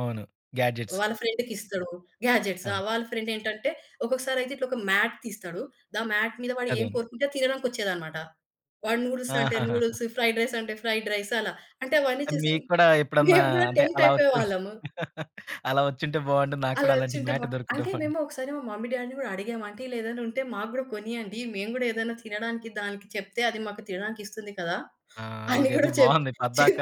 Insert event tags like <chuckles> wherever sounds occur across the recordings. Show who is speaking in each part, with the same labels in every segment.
Speaker 1: అవును. గ్యాడ్జెట్స్.
Speaker 2: వాళ్ళ ఫ్రెండ్‌కిస్తాడు. గ్యాడ్జెట్స్.
Speaker 1: ఆ!
Speaker 2: ఆ! వాళ్ళ ఫ్రెండ్ ఏంటంటే, ఒక్కొక్కసారి అయితే ఇట్లా ఒక మ్యాట్ తీస్తాడు. ద మ్యాట్ మీద వాడు ఏం
Speaker 1: అదేను.
Speaker 2: కోరుకుంటే తినడానికొచ్చేదనమాట. వాడు నూడిల్స్ అంటే
Speaker 1: ఆహాహాహా!
Speaker 2: నూడిల్స్, ఫ్రైడ్ రైస్ అంటే ఫ్రైడ్ రైస్ అలా. అంటే అవన్నీ చూసి
Speaker 1: మీకు కూడా ఎప్పుడన్నా,
Speaker 2: మేము కూడా
Speaker 1: అంటే
Speaker 2: టెంప్ట్
Speaker 1: అలా చుస్
Speaker 2: అయిపోయేవాళ్ళము.
Speaker 1: <chuckles> అలా వచ్చింటే బావుండు, నాకు
Speaker 2: అలా
Speaker 1: కూడా అలాంటి
Speaker 2: వచ్చుంటే బా
Speaker 1: మ్యాట్ దొరికుంటే
Speaker 2: అంటే
Speaker 1: బావుండు.
Speaker 2: మేము ఒకసారి మా మమ్మీ డ్యాడీని కూడా అడిగాము. అంటే ఇలా ఏదైనా ఉంటే మాకు గూడా కొనియండి. మేము గూడా ఏదైనా తినడానికి దానికి చెప్తే అది మాకు తినడానికిస్తుంది కదా!
Speaker 1: ఆ!
Speaker 2: అని
Speaker 1: ఇదేదో
Speaker 2: గూడా చెప్
Speaker 1: బావుంది. పద్దాక
Speaker 2: చెప్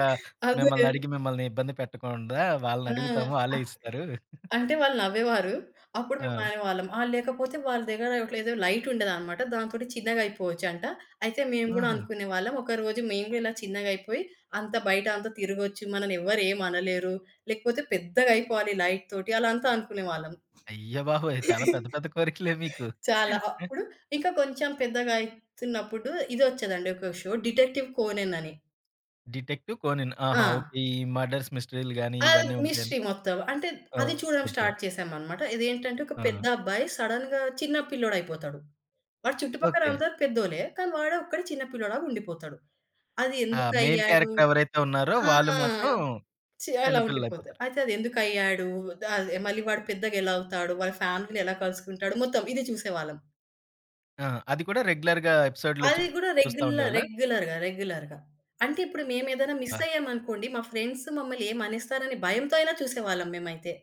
Speaker 2: అదే.
Speaker 1: మిమ్మల్ని అడిగి మిమ్మల్ని ఇబ్బంది పెట్టకుండా
Speaker 2: ఆ!
Speaker 1: వాళ్ళనడుగుతాము,
Speaker 2: ఆ
Speaker 1: వాళ్ళే
Speaker 2: చూ
Speaker 1: ఇస్తరు. <giggles>
Speaker 2: అంటే వాళ్ళు నవ్వేవారు. అప్పుడు
Speaker 1: ఆ!
Speaker 2: మేమనేవాళ్ళం ఆహ్, లేకపోతే వాళ్ళ దగ్గర ఒకటి ఏదో లైటుండేదనమాట. దాంతోటి చిన్నగా అయిపోవచ్చంట. అయితే మేము గూడా
Speaker 1: ఆహా!
Speaker 2: అనుకునే వాళ్ళం. ఒకరోజు మేము గూడా ఇలా చిన్నగా అయిపోయి అంత బయట అంతా తిరగొచ్చు, మనల్ని ఎవరు ఏమనలేరు. లేకపోతే పెద్దగా అయిపోవాలి లైట్ తోటి. అలా అంతా అనుకునేవాళ్ళం.
Speaker 1: అయ్యబాబోయ్! చాలా పెద్ద,
Speaker 2: <chuckles>
Speaker 1: పెద్ద కోరికలే మీకు.
Speaker 2: చాలా.
Speaker 1: <chuckles>
Speaker 2: అప్పుడు ఇకా కొంచెం పెద్దగా అయితున్నప్పుడు, ఇది వచ్చేదండి ఒక షో 'డిటెక్టివ్ కోనెన్' అని.
Speaker 1: 'డిటెక్టివ్ కోనెన్' ఆహా! ఓకే.
Speaker 2: ఆ!
Speaker 1: ఈ మర్డర్స్ మిస్టరీలు గాని
Speaker 2: అది
Speaker 1: ఇవన్నీ
Speaker 2: మిస్టరీ
Speaker 1: ఉంటాయండి?
Speaker 2: మొత్తం. అంటే
Speaker 1: ఆ!
Speaker 2: అది చూడడం
Speaker 1: ఓకే.
Speaker 2: స్టార్ట్ చేసామనమాట. ఇదేంటంటే ఒక పెద్ద
Speaker 1: ఆ!
Speaker 2: అబ్బాయి సడెన్‌గా చిన్న పిల్లోడైపోతాడు. వాడు
Speaker 1: ఓకే.
Speaker 2: చుట్టుపక్కలందరూ పెద్దోలే కానీ వాడొక్కడే చిన్న పిల్లోడులాగా ఉండిపోతాడు. అది
Speaker 1: ఆ!
Speaker 2: ఎందుకు
Speaker 1: మెయిన్
Speaker 2: అయ్యాడు?
Speaker 1: క్యారెక్టర్ ఎవరైతే ఉన్నారో,
Speaker 2: ఆ!
Speaker 1: వాళ్ళు మాత్రం
Speaker 2: చె అలా
Speaker 1: చిన్న
Speaker 2: ఉండిపోతాడు.
Speaker 1: పిల్లలైపోతారు.
Speaker 2: అయితే అది ఎందుకయ్యాడు? ద అదే మళ్ళీ వాడు పెద్దగా ఎలా అవుతాడు? వాడి ఫ్యామిలీని ఎలా కలుసుకుంటాడు? మొత్తం ఇది చూసేవాళ్ళం.
Speaker 1: ఆ! అది కూడా రెగ్యులర్‌గా ఎపిసోడ్లో
Speaker 2: అది గూడా
Speaker 1: చూస్తా
Speaker 2: రెగ్యులర్
Speaker 1: ఉండేవాళ్ళా?
Speaker 2: రెగ్యులర్‌గా, రెగ్యులర్‌గా. అంటే ఇప్పుడు మేమేదైనా మిస్
Speaker 1: అబ్బా!
Speaker 2: అయ్యామనుకోండి, మా ఫ్రెండ్స్ మమ్మల్ని ఏమనెస్తారనే భయంతో అయినా చూసేవాళ్ళం మేమైతే.